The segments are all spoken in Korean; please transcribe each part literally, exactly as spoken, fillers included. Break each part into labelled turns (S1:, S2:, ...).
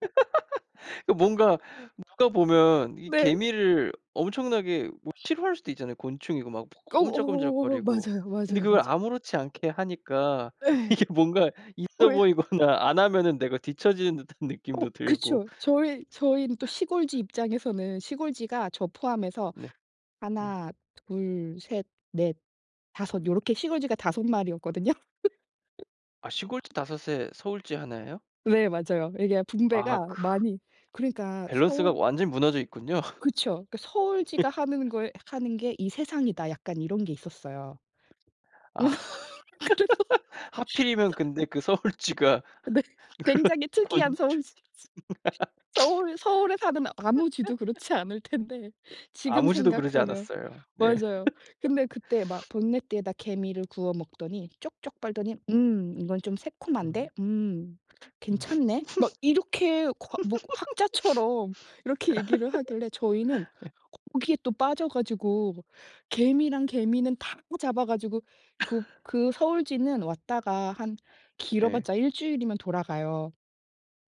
S1: 그 뭔가 누가 보면 이
S2: 네.
S1: 개미를 엄청나게 뭐 싫어할 수도 있잖아요. 곤충이고 막 뭐
S2: 어
S1: 꼼지락
S2: 어어어
S1: 꼼지락거리고.
S2: 맞아요,
S1: 근데
S2: 맞아요,
S1: 그걸
S2: 맞아요.
S1: 아무렇지 않게 하니까
S2: 예.
S1: 이게 뭔가
S2: 어
S1: 있어
S2: 예.
S1: 보이거나 안 하면은 내가 뒤처지는 듯한
S2: 어
S1: 느낌도 들고.
S2: 그쵸. 저희 저희는 또 시골쥐 입장에서는 시골쥐가 저 포함해서
S1: 네. 음.
S2: 하나, 둘, 셋, 넷, 다섯 요렇게 시골쥐가 다섯 마리였거든요.
S1: 아 시골쥐 다섯 에 서울쥐 하나 예요?
S2: 네 맞아요. 이게
S1: 아
S2: 분배가
S1: 그
S2: 많이 그러니까
S1: 밸런스가
S2: 서울
S1: 완전히 무너져 있군요.
S2: 그쵸. 그러니까 '서울쥐가 하는 거의 하는 게 이 세상이다.' 약간 이런 게 있었어요.
S1: 아.
S2: 그래서
S1: 하필이면 근데 그 서울쥐가
S2: 네.
S1: 그런
S2: 굉장히 특이한
S1: 곤충
S2: 서울쥐 쥐, 서울 서울에 사는 아무 쥐도 그렇지 않을 텐데 지금
S1: 아무 쥐도 그러지
S2: 생각하면.
S1: 않았어요. 네.
S2: 맞아요. 근데 그때 막 본네트에다 개미를 구워 먹더니 쪽쪽 빨더니 "음 이건 좀
S1: 음.
S2: 새콤한데? 음
S1: 음. 예.
S2: 괜찮네?" 막 이렇게 과 뭐 학자처럼 이렇게 얘기를 하길래 저희는 거기에 또 빠져 가지고 개미란 개미는 다 끄 잡아 가지고 그 그 서울쥐는 왔다가 한 길어
S1: 예.
S2: 봤자 일주일이면 돌아가요.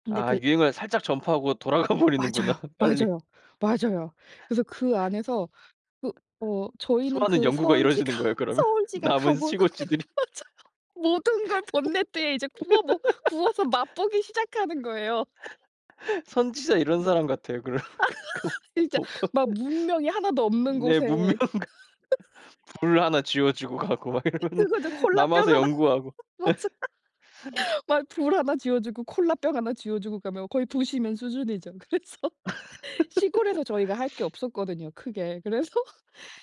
S2: 근데
S1: 아
S2: 그
S1: 유행을 살짝 전파하고 돌아가 버리는구나
S2: 맞아요.
S1: 빨리.
S2: 맞아요. 맞아요. 그래서 그 안에서 그 어 저희는
S1: 수많은
S2: 그
S1: 연구가
S2: 서울쥐가
S1: 이루어지는 거예요, 그러면?
S2: 서울쥐가
S1: 남은
S2: 가고 나면
S1: 시골쥐들이?
S2: 맞아요. 모든 걸 본네트에 이제 구워 먹 구워서 맛 보기 시작하는 거예요.
S1: 선지자 이런 사람 같아요.
S2: 진짜 막
S1: [unintelligible]
S2: 문명이 하나 도 없는
S1: 네 문명
S2: 곳에
S1: 그 불 하나 쥐여 주고 가고 막 이러면은
S2: 그거죠. 콜라병
S1: 남아서
S2: 하나
S1: 연구하고.
S2: 맞아. 막 불 하나 쥐여 주고 콜라병 하나 쥐여 주고 가면 거의 부시맨 수준이죠. 그래서 시골에서 저희가 할 게 없었거든요, 크게. 그래서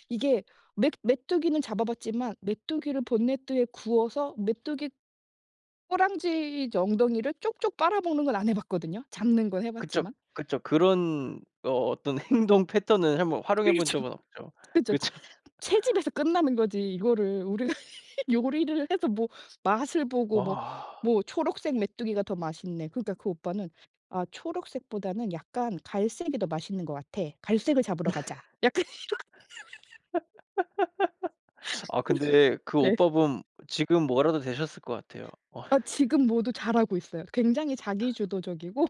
S2: 이게 메 메뚜기는 잡아 봤지만 메뚜기를 본네트에 구워서 메뚜기 꼬랑지 저 엉덩이를 쭉쭉 빨아먹는 건 안 해 봤거든요. 잡는 건 해
S1: 그쵸.
S2: 봤지만.
S1: 그쵸. 그런 어 어떤 행동 패턴을 한번 활용해 본
S2: 그렇죠.
S1: 적은 없죠.
S2: 그쵸. 채
S1: 그쵸.
S2: 채집에서 끝나는 거지 이거를 우리가 요리를 해서 뭐 맛을 보고 뭐
S1: 와.
S2: 뭐 초록색 메뚜기가 더 맛있네. 그러니까 그 오빠는 "아 초록색보다는 약간 갈색이 더 맛있는 것 같아. 갈색을 잡으러 가자." 약간 이렇게
S1: 아 근데 그
S2: 그래서 네.
S1: 오빠분 지금 뭐라도 되셨을 것 같아요. 어
S2: 아
S1: 저.
S2: 지금 모두 잘하고 있어요. 굉장히 자기 주도적이고